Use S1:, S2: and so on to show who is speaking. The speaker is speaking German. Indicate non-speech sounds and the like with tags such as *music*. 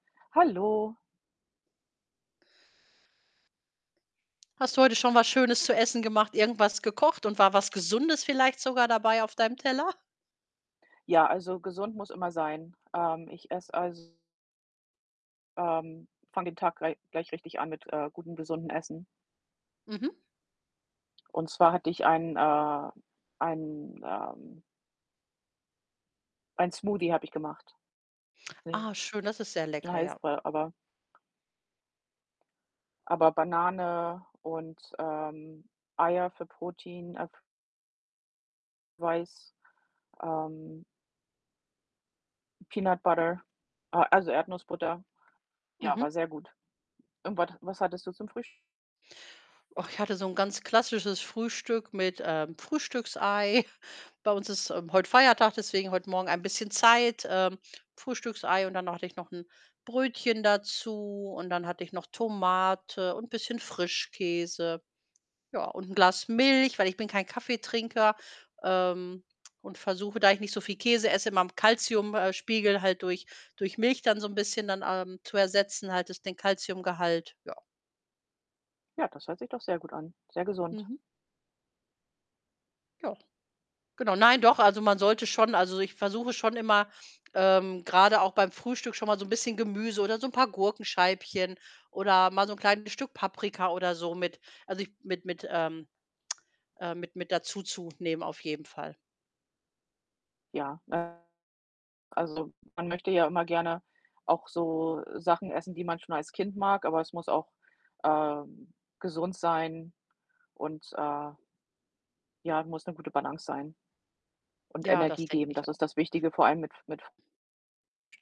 S1: Hallo.
S2: Hast du heute schon was Schönes zu Essen gemacht? Irgendwas gekocht und war was G esundes vielleicht sogar dabei auf deinem Teller?
S1: Ja, also, gesund muss immer sein. Ähm, ich esse, also ähm, fange den Tag glei gleich richtig an mit, äh, gutem, gesunden Essen.
S2: Mhm.
S1: Und zwar hatte ich einen, äh einen, ähm einen Smoothie habe ich gemacht. *unintelligible*
S2: Ah, schön, das ist sehr lecker, ja.
S1: heißt der, aber aber Banane und, ähm, Eier für Protein, äh f weiß, ähm Peanut Butter äh, also, Erdnussbutter. Ja, war
S2: Mhm.
S1: sehr gut und wat was hattest du zum Frühs
S2: Ach, ich hatte so 'n ganz klassisches Frühstück mit, ähm, Frühstücksei. Bei uns ist, ähm, heute Feiertag, deswegen heute Morgen ein bisschen Zeit, ähm, Frühstücksei und dann hatte ich noch 'n Brötchen dazu und dann hatte ich noch Tomate und 'n bisschen Frischkäse. Ja, und 'n Glas Milch, weil ich bin kein Kaffeetrinker, ähm, und versuche, da ich nicht so viel Käse esse, meinem Kalzium äh, Spiegel halt durch durch Milch dann so 'n bisschen dann, ähm, zu ersetzen, halt das den Kalziumgehalt, ja.
S1: Ja, das hört sich doch sehr gut an, sehr gesund.
S2: Mhm. Ja. Genau. Nein, doch, also, man sollte schon also, ich versuche schon immer, ähm, grade auch beim Frühstück schon mal so 'n bisschen Gemüse oder so 'n paar Gurkenscheibchen oder mal so 'n kleines Stück Paprika oder so mit also, ich mit mit, ähm, *tsk* äh mit mit dazu zu nehmen auf jeden Fall.
S1: Ja, *unintelligible* also, man möchte ja immer gerne auch so Sachen essen, die man schon als Kind mag, aber es muss auch, ähm, gesund sein und, äh ja, muss 'ne gute Balance sein und
S2: Ja, das
S1: Energie
S2: denke
S1: geben. Das
S2: ich auch.
S1: ist das Wichtige, vor allem mit F mit F